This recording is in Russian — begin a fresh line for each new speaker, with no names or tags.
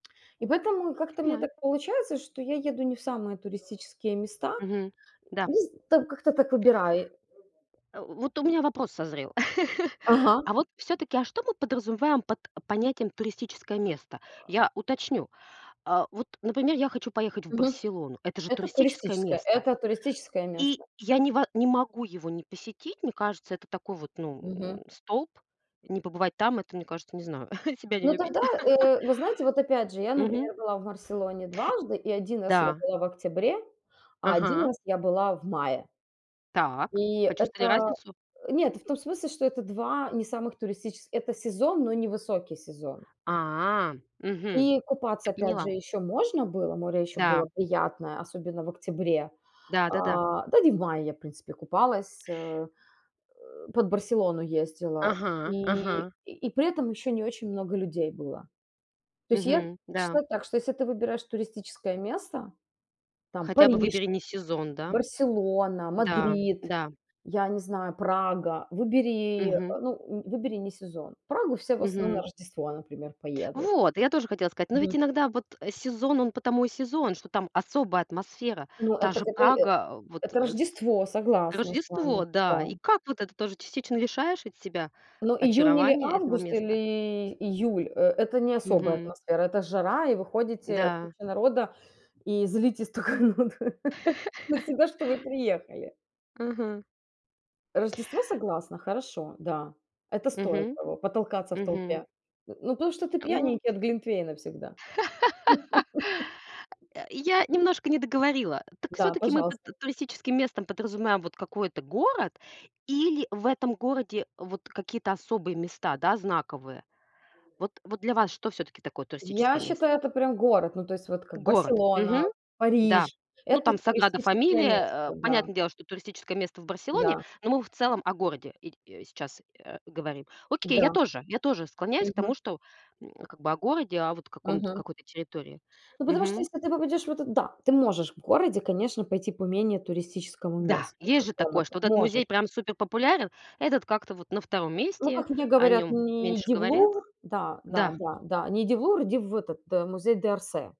И поэтому и как-то у меня
Понимаю.
так получается, что я еду не в самые туристические места.
Мгм. Да.
Низ так как-то так выбираю.
Э, в вот у меня вопрос созрел:
Ага.
а вот всё-таки, а что мы подразумеваем под понятием туристическое место? Я уточню. А вот, например, я хочу поехать в
Мгм.
Барселону. Это же
Это
туристическое
туристическое
место?
это туристическое
И
место.
я не ва не могу его не посетить. Мне кажется, это такой вот,
Мгм.
ну, столп. Не побывать там это, мне кажется, не знаю, себя не
Но
любить.
тогда, э, вы знаете, вот опять же, я,
Мгм.
например, была в Барселоне дважды, и 1 раз я
Да.
была в октябре, а 1
Ага.
раз я была в мае.
Так,
И
почувствовали
это
разницу?
Нет, то в том смысле, что это 2 не самых туристически это сезон, но не высокий сезон.
А, мгм,
И купаться,
я
опять же,
поняла.
ещё можно было море ещё было
Да.
приятное, особенно в октябре.
Да да-да.
А, да д и в мае я, в принципе, купалась, э, под Барселону ездила.
Ага
И
ага.
и при этом ещё не очень много людей было. То есть, я
Мгм, да.
читаю так, что если ты выбираешь туристическое место там:
Хотя бы выбери
Париж,
не сезон, да?
Барселона,
Н-да,
Мадрид,
да.
я не знаю, Прага, выбери, ну выбери,
Мгм.
а, ну, м выбери не сезон. В Прагу все в основном на
Мгм.
Рождество, например, поедут.
Вот, и я тоже хотела сказать. Но
Мгм.
ведь иногда вот сезон, он потому и сезон, что там особая атмосфера.
Ну, э,
Та
так,
же
а, ты э
Прага, а, вот,
это
э, с
Рождество, согласна с вами.
Рождество, да.
Да.
И как вот это тоже частично лишаешь ведь себя
Но июнь или
очарования этого
август,
места?
или июль- э это не особая
Мгм.
атмосфера, это жара, и вы ходите куча
Н-да.
народа и злитесь тока на на себя, что вы приехали.
Мгм.
Рождество- согласна. Хорошо, да. Это стоит
Мгм.
того, потолкаться в
Мгм.
толпе. Э, ну потому что ты
Ну.
пьяненький от глинтвейна всегда.
Э, я немножко не договорила. Так
Да,
всё-таки мы под
пожалуйста.
т туристическим местом подразумеваем вот какой-то город или в этом городе вот какие-то особые места, да, знаковые? Вот вот для вас что всё-таки такое
Я
туристическое место?
считаю, это прям город, ну, то есть, вот как:
Город.
Барселона,
Мгм. Да.
Париж-
Ну,
это
там "Саграда
туристическое место.
Фамилия", э,
Да.
понятное дело, что туристическое место в Барселоне.
Да.
Но мы в целом о городе иль сейчас, э, говорим. Окей, я
Да.
тоже. Я тоже склоняюсь к
Мгм.
тому, что, м, а, как бы о городе, о вот каком-то
Мгм.
какой-то территории.
Ну, потому что,
Мгм.
если ты попадешь в этот Да, ты можешь в городе, конечно, пойти по менее туристическому
Да,
месту
есть же такое,
какому-то,
что вот этот
можешь.
музей прям суперпопулярен. А этот как-то вот на 2
Ну
месте.
как мне
О
говорят:
нем
"Не
меньше
иди в
говорят.
Лувр" Да да
Да.
да да. "Не иди в Лувр, иди в этот, Мюзэ д'Орсэ".